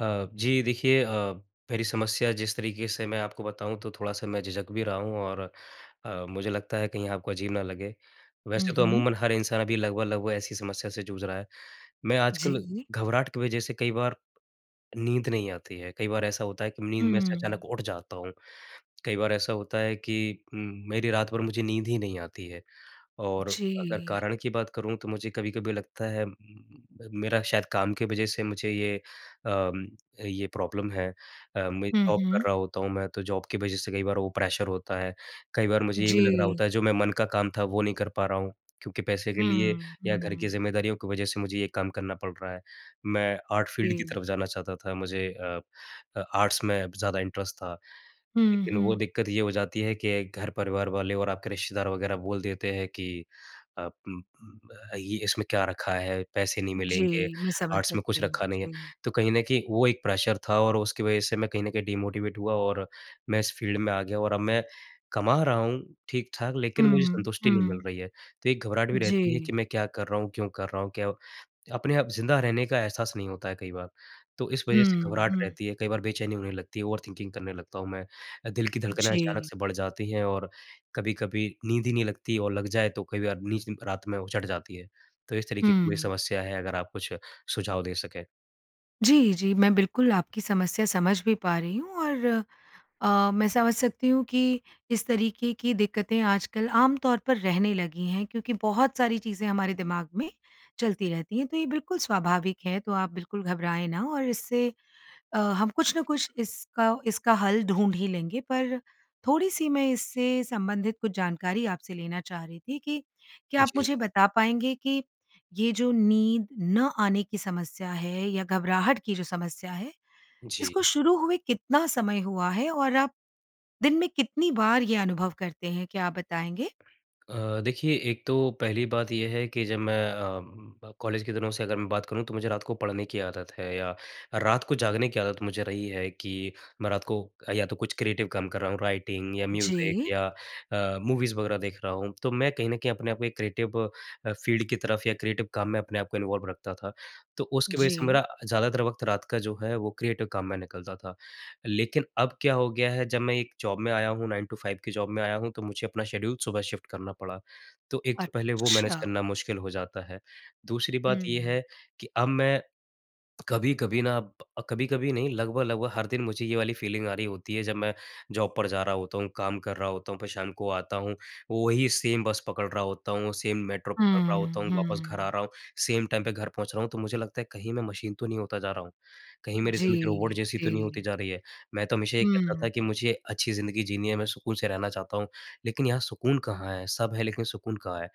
अ, जी देखिए अ, मेरी समस्या जिस तरीके से मैं आपको बताऊँ तो थोड़ा-सा मैं झिझक भी रहा हूँ और अ, मुझे लगता है कहीं आपको अजीब ना लगे हुँ, वैसे तो हुँ। अमूमन हर इंसान अभी लगभग-लगभग ऐसी समस्या से जूझ रहा है। मैं आजकल जी। घबराहट की वज़ह से कई बार नींद नहीं आती है कई बार ऐसा होता है कि नींद में से हुँ। अचानक उठ जाता हूँ। कई बार ऐसा होता है कि उम, मेरी रात भर मुझे नींद ही नहीं आती है और अगर जी। कारण की बात करूँ तो मुझे कभी-कभी लगता है उम, मेरा शायद काम की वज़ह से मुझे ये अ, ये प्रॉब्लम है अ, मैं हुँ, जॉब हुँ। कर रहा होता हूँ मैं तो जॉब की वज़ह से कई बार वो प्रेशर होता है। कई बार मुझे ये भी लग रहा जी। होता है जो मैं मन का काम था वो नहीं कर पा रहा हूँ क्योंकि पैसे के लिए हुँ, या घर की हुँ। ज़िम्मेदारियों की वजह से मुझे ये काम करना पड़ रहा है। मैं आर्ट फ़ील्ड की जी। तरफ़ जाना चाहता था मुझे अ अ, आर्ट्स में ज़्यादा इंटरेस्ट था। हुँ, लेकिन वो हुँ। दिक़्क़त ये हो जाती है कि घर-परिवार वाले और आपके रिश्तेदार वग़ैरह बोल देते हैं कि अ, उम, उ अ, ये इसमें क्या रखा है, पैसे नहीं मिलेंगे, जी, मैं समझ आर्ट्स में कुछ सकती हूँ रखा नहीं है। जी। तो कहीं न कहीं वो एक प्रेशर था और उसकी वज़ह से मैं कहीं न कहीं डिमोटिवेट हुआ और मैं इस फ़ील्ड में आ गया और अब मैं कमा रहा हूँ ठीक-ठाक, लेकिन मुझे हुँ, संतुष्टि नहीं मिल हुँ। रही है। तो एक घबराहट भी रहती है जी। कि मैं क्या कर रहा हूँ, क्यों कर रहा हूँ। क्यों अपने आप ज़िंदा रहने का एहसास नहीं होता है कई बार। तो इस वजह से हुँ, घबराहट हुँ। रहती है। कई बार बेचैनी होने लगती है, ओवर-थिंकिंग करने लगता हूँ मैं। अ, दिल की धड़कनें अचानक जी। से बढ़ जाती हैं और कभी-कभी नींद ही नहीं लगती और लग जाए तो कई बार नींद रात में उचट जाती है। तो इस तरीके की मेरी हुँ। समस्या है, अगर आप कुछ सुझाव दे सकें। जी, जी। मैं बिल्कुल आपकी समस्या समझ भी पा रही हूँ और अ, मैं समझ सकती हूँ, कि इस तरीके की दिक्कतें आजकल आम तौर पर रहने लगी हैं। क्योंकि बहुत सारी चीज़ें हमारे दिमाग में चलती रहती हैं, तो ये बिल्कुल स्वाभाविक है। तो आप बिल्कुल घबराए ना और इससे अ, हम कुछ न कुछ इसका इसका हल ढूँढ ही लेंगे। पर, थोड़ी-सी मैं इससे संबंधित कुछ जानकारी आपसे लेना चाह रही थी, कि क्या आप जी। मुझे बता पाएँगे, कि ये जो नींद न आने की समस्या है या घबराहट की जो समस्या है, इसको जी। शुरू हुए कितना समय हुआ है? और आप दिन में कितनी बार ये अनुभव करते हैं? क्या आप बताएँगे? अ, देखिए एक तो पहली बात ये है, कि जब मैं अ, ब कॉलेज के दिनों से अगर मैं बात करूँ तो मुझे रात को पढ़ने की आदत है, या रात को जागने की आदत मुझे रही है, कि मैं रात को या तो कुछ क्रिएटिव काम कर रहा हूँ, राइटिंग या म्यूज़िक जी। या अ, मूवीज़ वग़ैरह देख रहा हूँ। तो मैं कहीं न कहीं अपने आप को एक क्रिएटिव अ, फ़ील्ड की तरफ या क्रिएटिव काम में अपने आप को इन्वॉल्व रखता था। तो उसकी वज़ह से जी। मेरा ज्यादातर वक़्त रात का जो है वो क्रिएटिव काम में निकलता था। लेकिन अब क्या हो गया है, जब मैं एक जॉब में आया हूँ, 9 टू 5 की जॉब में आया हूँ, तो मुझे अपना शेड्यूल सुबह शिफ्ट करना पड़ा। तो एक तो पहले वो मैनेज अच्छा। करना मुश्किल हो जाता है। दूसरी बात ये हुँ। है, कि अब मैं कभी-कभी ना अ, कभी-कभी नहीं लगभग-लगभग हर दिन मुझे ये वाली फ़ीलिंग आ रही होती है, जब मैं जॉब पर जा रहा होता हूँ, काम कर रहा होता हूँ, फिर शाम को आता हूँ, वही सेम बस पकड़ रहा होता हूँ, सेम मेट्रो पकड़ रहा हुँ, होता हूँ, वापस घर आ हुँ। रहा हूँ, सेम टाइम पे घर पहुँच रहा हूँ। तो मुझे लगता है कहीं मैं मशीन तो नहीं होता जा रहा हूँ। कहीं मेरी ज़िंदगी रोबोट जी। जैसी तो नहीं होती जी। जा रही है, मैं तो हमेशा ये कहता था कि हुँ। मुझे अच्छी ज़िंदगी जीनी है, मैं सुकून से रहना चाहता हूँ। लेकिन यहाँ सुकून कहाँ है? सब है, लेकिन सुकून कहाँ है?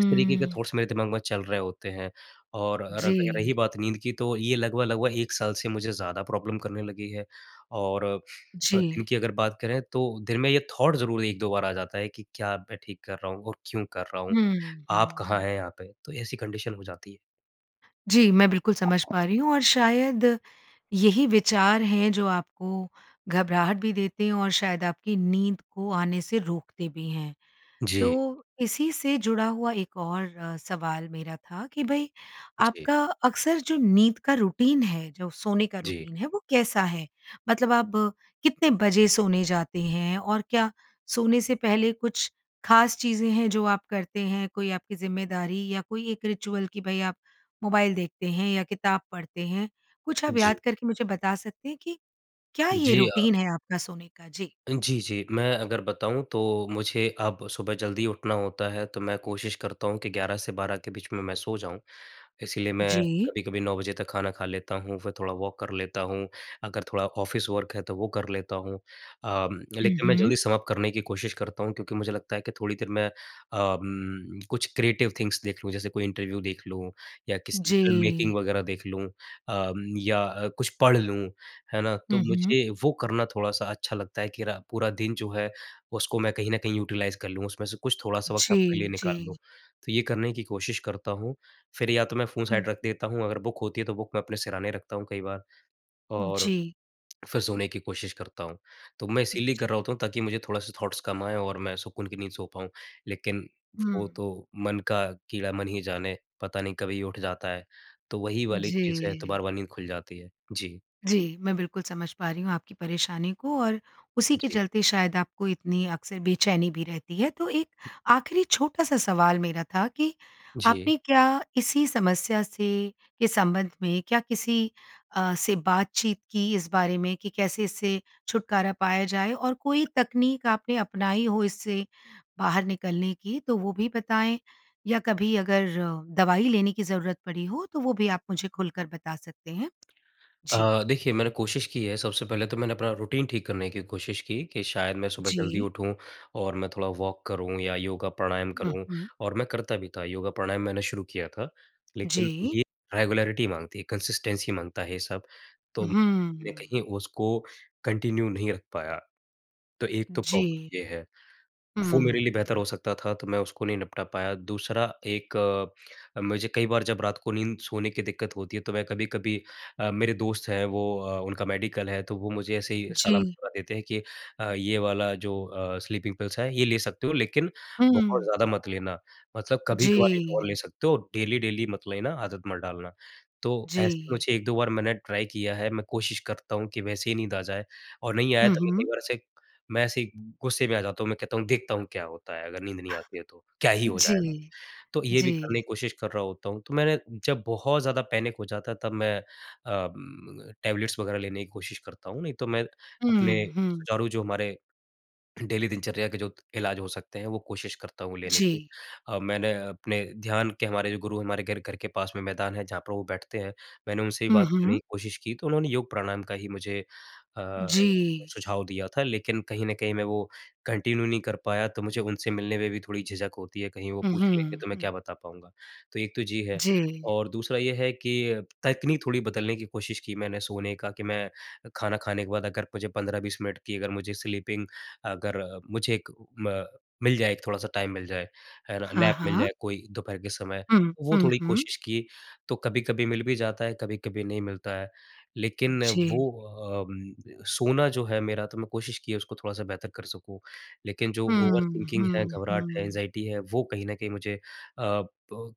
इस तरीके के थॉट्स मेरे दिमाग में चल रहे होते हैं। और र र रही जी। बात नींद की तो ये लगभग-लगभग 1 साल से मुझे ज़्यादा प्रॉब्लम करने लगी है और अ अ, जी। इनकी अगर बात करें, तो दिन में ये थॉट् ज़रूर 1-2 बार आ जाता है कि क्या अब मैं ठीक कर रहा हूँ और क्यों कर रहा हूँ? हुँ, आप हुँ, कहाँ हुँ। है यहाँ पे? तो ऐसी कंडीशन हो जाती है। जी मैं बिल्कुल समझ पा रही हूँ और शायद, यही विचार है जो आपको घबराहट भी देते हैं और शायद आपकी नींद को आने से रोकते भी हैं। जी। तो, इसी से जुड़ा हुआ एक और अ, सवाल मेरा था कि भई, जी। आपका अक्सर जो नींद का रूटीन है, जो सोने का जी। रूटीन है वो कैसा है? मतलब आप कितने बजे सोने जाते हैं और क्या सोने से पहले कुछ खास चीज़ें हैं जो आप करते हैं, कोई आपकी ज़िम्मेदारी या कोई एक रिचुअल कि भई आप मोबाइल देखते हैं या किताब पढ़ते हैं? कुछ आप जी। याद करके मुझे बता सकते हैं कि क्या ये जी, अ। रूटीन है आपका सोने का? जी। जी, जी, मैं अगर बताऊँ तो मुझे अब सुबह जल्दी उठना होता है तो मैं कोशिश करता हूँ कि 11 से 12 के बीच में मैं सो जाऊँ। इसीलिए मैं जी। कभी-कभी 9 बजे तक खाना खा लेता हूँ फिर थोड़ा वॉक कर लेता हूँ। अगर थोड़ा ऑफिस वर्क है तो वो कर लेता हूँ। उम, हुँ, लेकिन मैं हुँ। जल्दी समाप्त करने की कोशिश करता हूँ क्योंकि मुझे लगता है कि थोड़ी देर मैं उम, कुछ क्रिएटिव थिंग्स देख लूँ। जैसे कोई इंटरव्यू देख लूँ, या किसी फ़िल्म मेकिंग जी। वगैरह देख लूँ। उम, या कुछ पढ़ लूँ, है ना, तो हुँ, हुँ। मुझे वो करना थोड़ा-सा अच्छा लगता है कि रा पूरा दिन जो है उसको मैं कहीं न कहीं यूटिलाइज़ कर लूँ, उसमें से कुछ थोड़ा-सा वक़्त अपने जी, लिए निकाल लूँ। जी। तो ये करने की कोशिश करता हूँ। फिर या तो मैं फ़ोन हुँ। साइड रख देता हूँ अगर बुक होती है तो बुक मैं अपने सिरहाने रखता हूँ कई बार। और, जी। फिर सोने की कोशिश करता हूँ। तो मैं इसीलिए जी। कर रहा होता हूँ ताकि मुझे थोड़ा-सा थॉट्स कम आएँ और मैं सुकून की नींद सो पाऊँ। लेकिन वो हुँ। तो मन का कीड़ा मन ही जाने, पता नहीं कभी उठ जाता है। तो वही वाली चीज़ है तो जी। बार बार नींद खुल जाती है। जी। जी, मैं बिल्कुल समझ पा रही हूँ आपकी परेशानी को और, उसी के जी। चलते शायद आपको इतनी अक्सर बेचैनी भी रहती है। तो एक आख़िरी छोटा-सा सवाल मेरा था कि जी। आपने क्या इसी समस्या से के संबंध में क्या किसी अ, से बातचीत की इस बारे में? कि कैसे इससे छुटकारा पाया जाए और कोई तकनीक आपने अपनाई हो इससे, बाहर निकलने की तो वो भी बताएँ? या कभी अगर दवाई लेने की ज़रूरत पड़ी हो तो वो भी आप मुझे खुल कर बता सकते हैं? जी। अ, देखिए मैंने कोशिश की है, सबसे पहले तो मैंने अपना रूटीन ठीक करने की कोशिश की, कि शायद मैं सुबह जल्दी जी। उठूँ और मैं थोड़ा वॉक करूँ या योगा प्राणायाम हुँ, करूँ। हुँ। और मैं करता भी था, योगा प्राणायाम मैंने शुरू किया था। लेकिन जी। ये रेगुलैरिटी माँगती है, कंसिस्टेंसी माँगता है ये सब। तो मैंने हुँ। कहीं उसको कंटिन्यू नहीं रख पाया। तो एक तो जी। प्रॉब्लम ये है। वो मेरे हुँ। लिए बेहतर हो सकता था तो मैं उसको नहीं निपटा पाया। दूसरा एक, मुझे कई बार जब रात को नींद सोने की दिक्कत होती है तो मैं कभी-कभी अ, मेरे दोस्त हैं वो अ, उनका मेडिकल है, तो वो मुझे ऐसे ही जी। सलाह-मशफ़रा देते हैं कि अ, ये वाला जो अ, स्लीपिंग पिल्स है ये ले सकते हो लेकिन, बहुत हुँ। ज़्यादा मत लेना, मतलब कभी-कभार एक और जी। ले सकते हो, डेली-डेली मत लेना, आदत मत डालना। तो ऐसे जी। मुझे 1-2 बार मैंने ट्राई किया है मैं कोशिश करता हूँ कि वैसे ही नींद आ जाए और नहीं आया हुँ, तो मैं कई हुँ। बार ऐसे मैं ऐसे ही गुस्से में आ जाता हूँ, मैं कहता हूँ देखता हूँ क्या होता है अगर नींद नहीं आती है तो। क्या ही हो जी, जाएगा? तो ये भी जी। करने की कोशिश कर रहा होता हूँ। तो मैंने जब बहुत ज़्यादा पैनिक हो जाता है तब मैं उम, टैबलेट्स वगैरह लेने की कोशिश करता हूँ। नहीं तो मैं अपने हुँ, हुँ। सुचारू जो हमारे। डेली दिनचर्या के जो इलाज हो सकते हैं वो कोशिश करता हूँ लेने की। जी। अ, मैंने अपने ध्यान के हमारे जो गुरु हैं हमारे घर घर के पास में मैदान है जहाँ पर वो बैठते हैं, मैंने उनसे भी हुँ, बात करने हुँ। की कोशिश की तो उन्होंने योग प्राणायाम का ही मुझे अ, जी। सुझाव दिया था, लेकिन कहीं न कहीं मैं वो कंटिन्यू नहीं कर पाया तो मुझे उनसे मिलने में भी थोड़ी झिझक होती है, कहीं वो हुँ, पूछ लेंगे हुँ। तो मैं हुँ। क्या बता पाऊँगा। तो एक तो जी है जी। और दूसरा ये है कि अ, तकनीक थोड़ी बदलने की कोशिश की मैंने सोने का कि मैं खाना खाने के बाद अगर मुझे 15-20 मिनट की अगर मुझे स्लीपिंग अगर, मुझे एक, म मिल जाए एक थोड़ा-सा टाइम मिल जाए, अर हाँ, नैप मिल हाँ। जाए कोई दोपहर के समय, हुँ, तो वो हुँ, थोड़ी हुँ। कोशिश की। तो कभी-कभी मिल भी जाता है, कभी-कभी नहीं मिलता है। लेकिन वो जी। उम, सोना जो है मेरा तो मैं कोशिश की है उसको थोड़ा-सा बेहतर कर सकूँ। लेकिन जो ओवर हुँ, थिंकिंग है, हुँ, घबराहट है, हुँ। एंग्जायटी है, वो कहीं न कहीं मुझे अ, ब,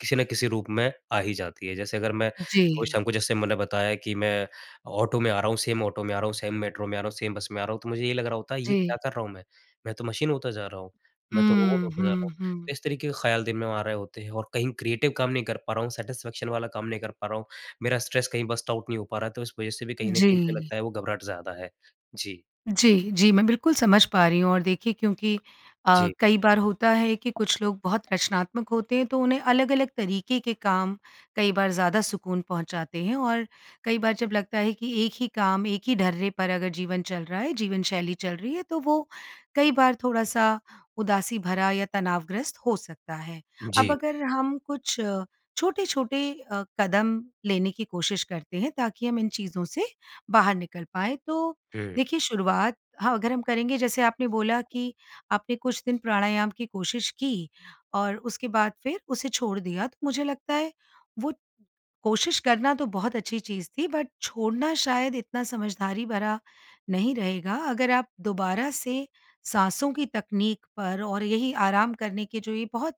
किसी ना किसी रूप में आ ही जाती है। जैसे अगर मैं, वो जी। शाम को जैसे मैंने बताया कि मैं, ऑटो में आ रहा हूँ, सेम ऑटो में आ रहा हूँ, सेम मेट्रो में आ रहा हूँ, सेम बस में आ रहा हूँ। तो मुझे ये लग रहा होता है ये जी। क्या कर रहा हूँ मैं? मैं तो मशीन होता जा रहा हूँ, मैं तो रोबोट हुँ, होता जा रहा हुँ, हूँ। तो हुँ। इस तरीके के ख़्याल दिन में आ रहे होते हैं और कहीं क्रिएटिव काम नहीं कर पा रहा हूँ, सैटिस्फैक्शन वाला काम नहीं कर पा रहा हूँ। मेरा स्ट्रेस कहीं बर्स्ट आउट नहीं हो पा रहा है तो इस वजह से भी कहीं न कहीं मुझे जी। लगता है वो घबराहट ज़्यादा है। जी। जी, जी मैं बिल्कुल समझ पा रही हूँ और देखिए क्योंकि अ, जी। कई बार होता है कि कुछ लोग बहुत रचनात्मक होते हैं तो उन्हें अलग-अलग तरीके के काम, कई बार ज़्यादा सुकून पहुँचाते हैं और, कई बार जब लगता है कि एक ही काम एक ही डर्रे पर अगर जीवन चल रहा है, जीवनशैली चल रही है, तो वो कई बार थोड़ा-सा उदासी भरा या तनावग्रस्त हो सकता है। अब जी। अगर हम कुछ अ, छोटे-छोटे अ, कदम लेने की कोशिश करते हैं ताकि हम इन चीज़ों से बाहर निकल पाएँ। तो, हुँ। देखिए शुरुआत, हाँ अगर हम करेंगे जैसे आपने बोला कि आपने कुछ दिन प्राणायाम की कोशिश की, और उसके बाद फिर उसे छोड़ दिया तो मुझे लगता है वो कोशिश करना तो बहुत अच्छी चीज़ थी बट छोड़ना शायद इतना समझदारी भरा, नहीं रहेगा। अगर आप दोबारा से साँसों की तकनीक पर और यही आराम करने के जो ये बहुत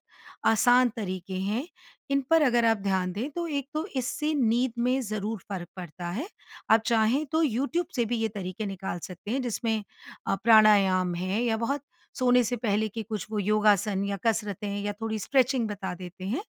आसान तरीके हैं, इन पर अगर आप ध्यान दें तो एक तो इससे नींद में ज़रूर फ़र्क पड़ता है। आप चाहें तो यूट्यूब से भी ये तरीके निकाल सकते हैं जिसमें, अ, प्राणायाम है या बहुत सोने से पहले के कुछ वो योगासन या कसरतें या थोड़ी स्ट्रेचिंग बता देते हैं।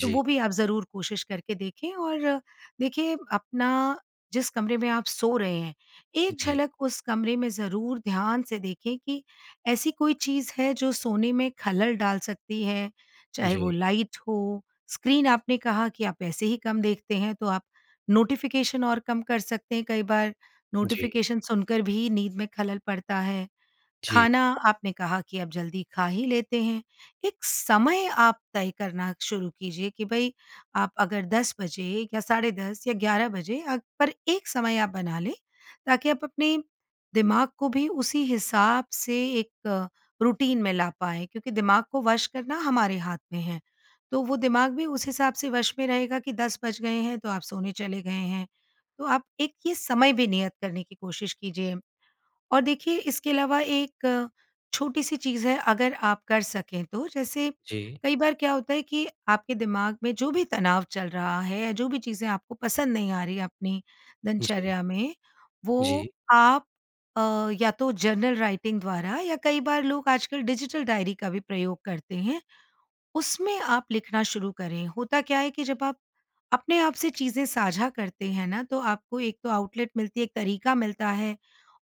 तो वो भी आप ज़रूर कोशिश करके देखें और, देखिए अपना, जिस कमरे में आप सो रहे हैं, एक जी। झलक उस कमरे में ज़रूर ध्यान से देखें कि ऐसी कोई चीज़ है जो सोने में खलल डाल सकती है? चाहे वो जी। लाइट हो, स्क्रीन आपने कहा कि आप ऐसे ही कम देखते हैं तो आप, नोटिफ़िकेशन और कम कर सकते हैं कई बार, जी। नोटिफ़िकेशन सुनकर भी नींद में खलल पड़ता है। जी। खाना आपने कहा कि अब जल्दी खा ही लेते हैं। एक समय आप तय करना शुरू कीजिए कि भई, आप अगर 10 बजे या 10:30 या 11 बजे अ पर एक समय आप बना लें ताकि आप अपने, दिमाग को भी उसी हिसाब से एक रूटीन में ला पाएँ क्योंकि दिमाग को वश करना हमारे हाथ में है। तो वो दिमाग भी उस हिसाब से वश में रहेगा कि 10 बज गए हैं तो आप सोने चले गए हैं। तो आप एक ये समय भी नियत करने की कोशिश कीजिए। और देखिए इसके अलावा एक, छोटी सी चीज़ है अगर आप कर सकें तो जैसे, जी। कई बार क्या होता है कि आपके दिमाग में जो भी तनाव चल रहा है या जो भी चीज़ें आपको पसंद नहीं आ रही है अपनी जी। दिनचर्या में, वो जी। आप अ, या तो जर्नल राइटिंग द्वारा या कई बार लोग आजकल डिजिटल डायरी का भी प्रयोग करते हैं, उसमें आप लिखना शुरू करें। होता क्या है कि जब आप, अपने आप से चीज़ें साझा करते हैं ना तो आपको एक तो आउटलेट मिलती है, एक तरीका मिलता है,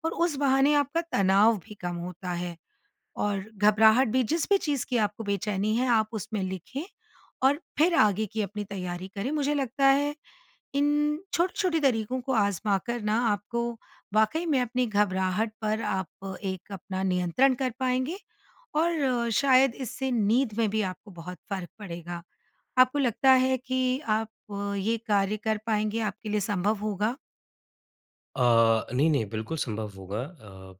और उस बहाने आपका तनाव भी कम होता है। और घबराहट भी, जिस भी चीज़ की आपको बेचैनी है आप उसमें लिखें और फिर आगे की अपनी तैयारी करें। मुझे लगता है, इन, छोटे-छोटे तरीकों को आज़माकर ना आपको, वाक़ई में अपनी घबराहट पर आप एक अपना नियंत्रण कर पाएँगे और अ, शायद इससे नींद में भी आपको बहुत फ़र्क पड़ेगा। आपको लगता है कि आप ये कार्य कर पाएँगे, आपके लिए सँभव होगा? अ, नहीं-नहीं, बिल्कुल संभव होगा। अ,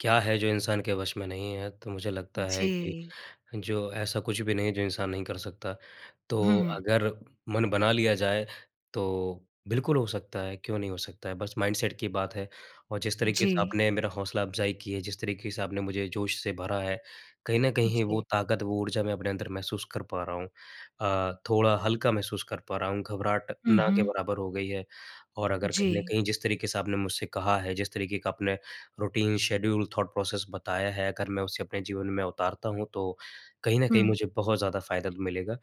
क्या है, जो इंसान के वश में नहीं है? तो मुझे लगता है कि जी। जो ऐसा कुछ भी नहीं है, जो इंसान नहीं कर सकता। तो हुँ। अगर मन बना लिया जाए, तो बिल्कुल हो सकता है, क्यों नहीं हो सकता है? बस माइंडसेट की बात है और जिस तरीक़े से जी। आपने मेरा हौसला-अफ़ज़ाई की है, जिस तरीक़े से आपने मुझे जोश से भरा है, कहीं न कहीं वो जी। ताकत, वो ऊर्जा मैं अपने अंदर महसूस कर पा रहा हूँ। अ, थोड़ा हल्का महसूस कर पा रहा हूँ, घबराहट हुँ, ना के हुँ। बराबर हो गयी है, और अगर कहीं न जी। कहीं जिस तरीक़े से आपने मुझसे कहा है, जिस तरीक़े का आपने रूटीन, शेड्यूल, थॉट प्रोसेस बताया है, अगर मैं उसे अपने जीवन में उतारता हूँ, तो कहीं न कहीं हुँ। मुझे बहुत ज़्यादा फ़ायदा मिलेगा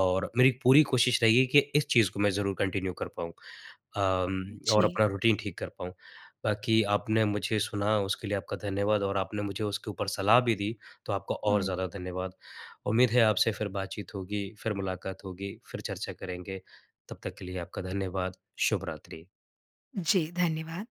और मेरी पूरी कोशिश रहेगी कि इस चीज़ को मैं ज़रूर कन्टिन्यू कर पाऊँ अम और जी। अपना रूटीन ठीक कर पाऊँ। बाकी आपने मुझे सुना, उसके लिए आपका धन्यवाद और आपने मुझे उसके ऊपर सलाह भी दी, तो आपका और हुँ। ज़्यादा धन्यवाद। उम्मीद है, आपसे फिर बातचीत होगी, फिर मुलाकात होगी, फिर चर्चा करेंगे, तब तक के लिए आपका धन्यवाद। शुभ रात्रि। जी, धन्यवाद।